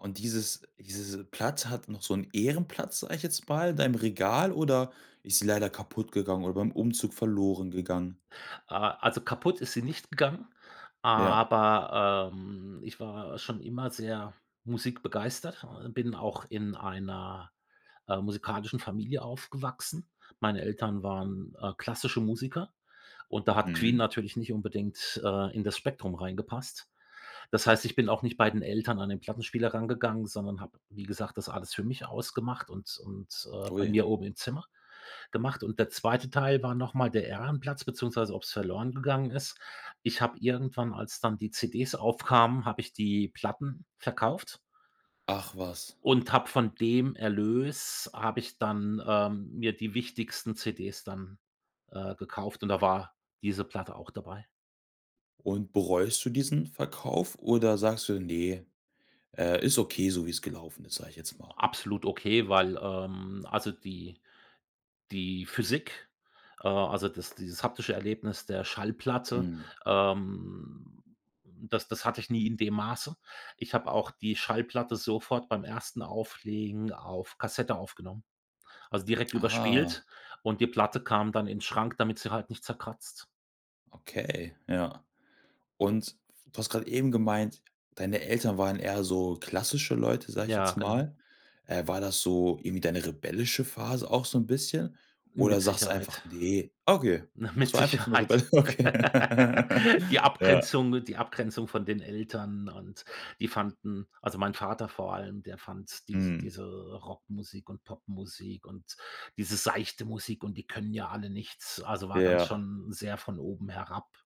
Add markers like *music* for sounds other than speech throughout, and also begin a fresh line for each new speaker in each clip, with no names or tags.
Und dieses diese Platte hat noch so 'n Ehrenplatz, sage ich jetzt mal, in deinem Regal oder ist sie leider kaputtgegangen oder beim Umzug verloren gegangen?
Ah, also kaputt ist sie nicht gegangen,
Ja.
aber, ähm, ich war schon immer sehr musikbegeistert, oh, bin auch in einer, äh, musikalischen Familie aufgewachsen. Meine Eltern waren, äh, klassische Musiker und da hat Queen
Mhm.
natürlich nicht unbedingt, äh, in das Spektrum reingepasst. Das heißt, ich bin auch nicht bei den Eltern an den Plattenspieler rangegangen, sondern habe, wie gesagt, das alles für mich ausgemacht und und, äh, bei
Ui.
mir oben im Zimmer gemacht. Und der 2. Teil war noch mal der Ehrenplatz, beziehungsweise, ob's verloren gegangen ist ich habe irgendwann, als dann die CDs aufkamen, habe ich die Platten verkauft
Ach was.
und hab von dem Erlös habe ich dann, ähm, mir die wichtigsten CDs dann, äh, gekauft und da war diese Platte auch dabei.
Und bereust du diesen Verkauf oder sagst du: „Ne, äh, ist okay so, wie es gelaufen ist“, sage ich jetzt
O
mal?
absolut okay, weil, ähm also die die Physik, äh, also das dieses haptische Erlebnis der Schallplatte,
Mhm.
ähm, das das hatte ich nie in dem Maße. Ich habe auch die Schallplatte sofort beim ersten Auflegen auf Kassette aufgenommen, also direkt
Ah.
überspielt und die Platte kam dann in Schrank, damit sie halt nicht zerkratzt.
Okay, ja. Und f du hast grad eben gemeint, deine Eltern waren eher so klassische Leute, sage ich
Ja,
jetzt
genau.
mal. Äh, war das so irgendwie deine rebellische Phase auch so 'n bisschen? Oder
Mit
sagst du einfach:
Sicherheit.
„Ne“ okay,
Ne,
es
mit
war einfach so 'ne
Sicherheit.
rebelli okay. *chuckles*
*laughs* Die
Ja.
Abgrenzung die Abgrenzung von den Eltern und die fanden also, mein Vater vor allem, der fand diese
Mhm.
diese Rockmusik und Popmusik und diese seichte Musik und die können ja alle nichts. Also, war dann
Ja.
schon sehr von oben herab.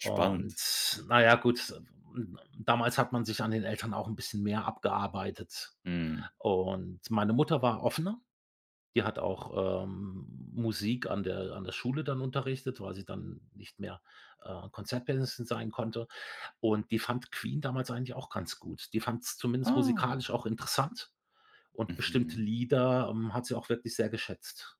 Spannend.
Und na ja, gut, ähm, damals hat man sich an den Eltern auch 'n bisschen mehr abgearbeitet.
Mhm.
Und meine Mutter war offener. Die hat auch, ähm, Musik an der an der Schule dann unterrichtet, weil sie dann nicht mehr, äh, Konzertpianisten sein konnte. Und die fand Queen damals eigentlich auch ganz gut. Die fand's zumindest
Ah.
musikalisch auch interessant und bestimmte
Mhm.
Lieder, ähm, hat sie auch wirklich sehr geschätzt.